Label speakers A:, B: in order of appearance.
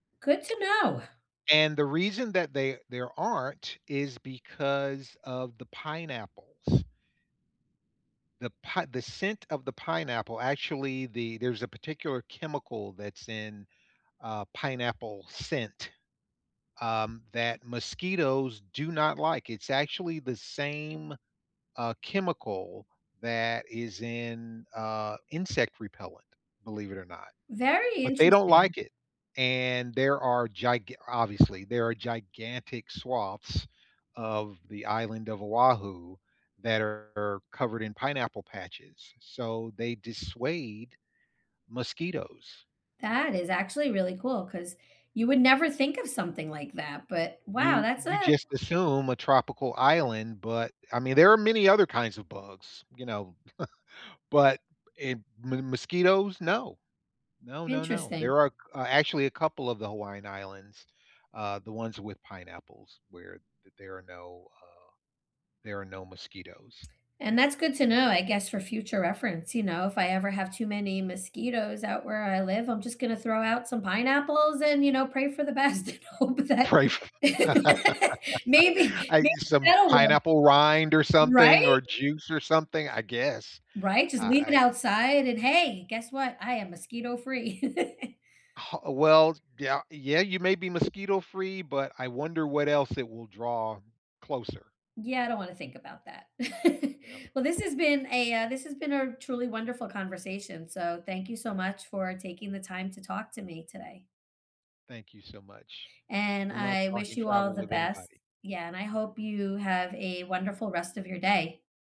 A: Good to know.
B: And the reason that they there aren't is because of the pineapples. The pi the scent of the pineapple actually the there's a particular chemical that's in, uh, pineapple scent, um, that mosquitoes do not like. It's actually the same, uh, chemical that is in, uh, insect repellent, believe it or not.
A: Very
B: But, they don't
A: interesting.
B: like it, and there are giga obviously, there are gigantic swaths of the island of Oahu that are covered in pineapple patches, so they dissuade mosquitoes.
A: That is actually really cool, 'cause you would never think of something like that, but wow,
B: You
A: that's
B: you
A: a
B: just assume a tropical island, but, I mean, there are many other kinds of bugs, you know, but in mo mosquitoes, no. No, no, no.
A: Interesting.
B: There are c uh, actually a couple of the Hawaiian Islands, uh, the ones with pineapples, where th there are no, uh, there are no mosquitoes.
A: And that's good to know, I guess, for future reference, you know, if I ever have too many mosquitoes out where I live, I'm just gonna throw out some pineapples, and, you know, pray for the best, and hope that
B: Pray f
A: maybe
B: I
A: maybe
B: some
A: that'll work.
B: pineapple rind, or something,
A: Right?
B: or juice, or something, I guess.
A: Right,
B: I
A: just leave it
B: I
A: outside, and, "Hey, guess what? I am mosquito free."
B: Ho oh, well, d yeah yeah, you may be mosquito free, but I wonder what else it will draw closer.
A: Yeah, I don't wanna think about that.
B: Well
A: Well, this has been a, uh this has been a truly wonderful conversation, so thank you so much for taking the time to talk to me today.
B: Thank you so much.
A: And
B: I love
A: I
B: talking
A: wish you all
B: travel
A: the
B: with
A: best.
B: anybody.
A: Yeah, and I hope you have a wonderful rest of your day.